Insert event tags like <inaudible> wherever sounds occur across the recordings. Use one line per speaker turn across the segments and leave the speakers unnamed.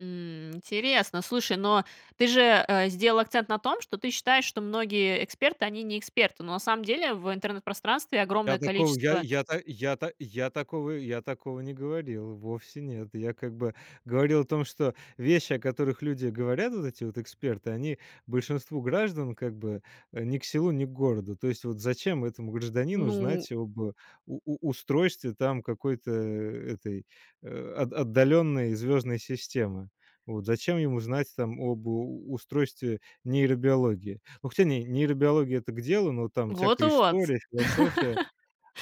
М, интересно. Слушай, но ты же, э, сделала акцент на том, что ты считаешь, что многие эксперты, они не эксперты. Но на самом деле в интернет-пространстве
Я
огромное
такого, я
количество
я, та я, та я такого я такого не говорил. Вовсе нет. Я, как бы, говорил о том, что вещи, о которых люди говорят, вот эти вот эксперты, они большинству граждан, как бы, э, ни к селу ни к городу. То есть, вот зачем этому гражданину
Ну.
знать об у у устройстве там какой-то, а, этой, а, от отдаленной звездной системы? Вот. Зачем ему знать там об у устройстве нейробиологии? Ну, хотя, не, нейробиология- это к делу, но там всякая
Вот-вот.
история, философия.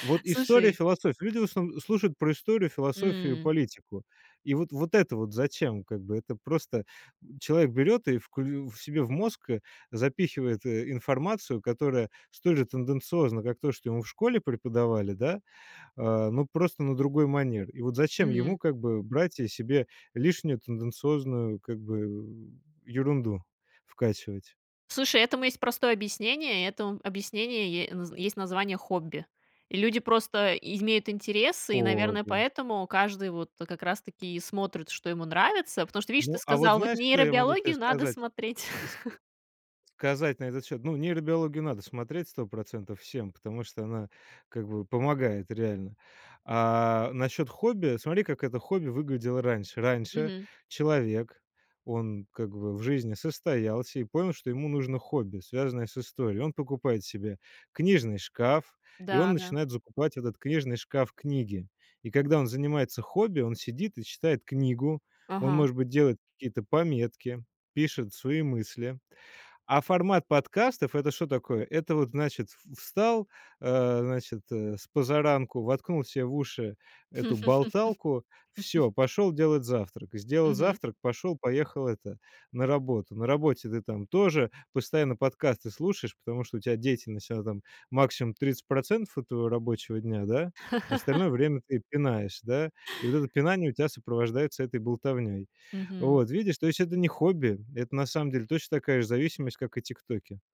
Вот история,
Слушай
философия. Люди в основн слушают про историю, философию и
М.
политику. И вот, вот вот это вот зачем, как бы? Это просто, м, человек берёт и вклю в себе в мозг, э, запихивает, э, информацию, которая столь же тенденциозна, как то, что ему в школе преподавали, да, а, но просто на другой манер. И вот зачем ему,
Мгм.
как бы, брать, э, себе лишнюю, тенденциозную, как бы, э, ерунду вкачивать?
Слушай, этому есть простое объяснение. Этому объяснение е на есть название хобби. И люди просто имеют интерес, и, наверное,
Кобя
поэтому каждый вот, э, как раз-таки и смотрит, что ему нравится. Потому что, видишь, ты
Ну, а вот
сказала: "Вот
знаешь, что я могу тебе
нейробиологию надо
сказать?
смотреть".
Ск ск э,
<chuckles>
сказать на этот счёт? Ну, нейробиологию надо смотреть 100 % всем, потому что она как бы помогает реально. А насчёт хобби, смотри, как это хобби выглядело раньше. Раньше
Мгм.
человек, он как бы в жизни состоялся и понял, что ему нужно хобби, связанное с историей. Он покупает себе книжный шкаф, и он
Да да.
начинает закупать этот книжный шкаф книги. И когда он занимается хобби, он сидит и читает книгу. Он,
Ага.
может быть, делает какие-то пометки, пишет свои мысли. А формат подкастов- это что такое? Это вот, значит, в встал, э, значит, э, спозаранку, воткнул себе в уши эту болталку, всё,
<laughs>
пошёл делать завтрак. Сделал
Мгм.
завтрак, пошёл, поехал это на работу. На работе ты там тоже постоянно подкасты слушаешь, потому что у тебя деятельность, она там максимум 30 % от твоего рабочего дня, да, остальное
<laughs>
время ты пинаешь, да. И вот это пинание у тебя сопровождается этой болтовнёй.
Мгм.
Вот видишь, то есть это не хобби, это на самом деле точно такая же зависимость, как и "ТикТоки".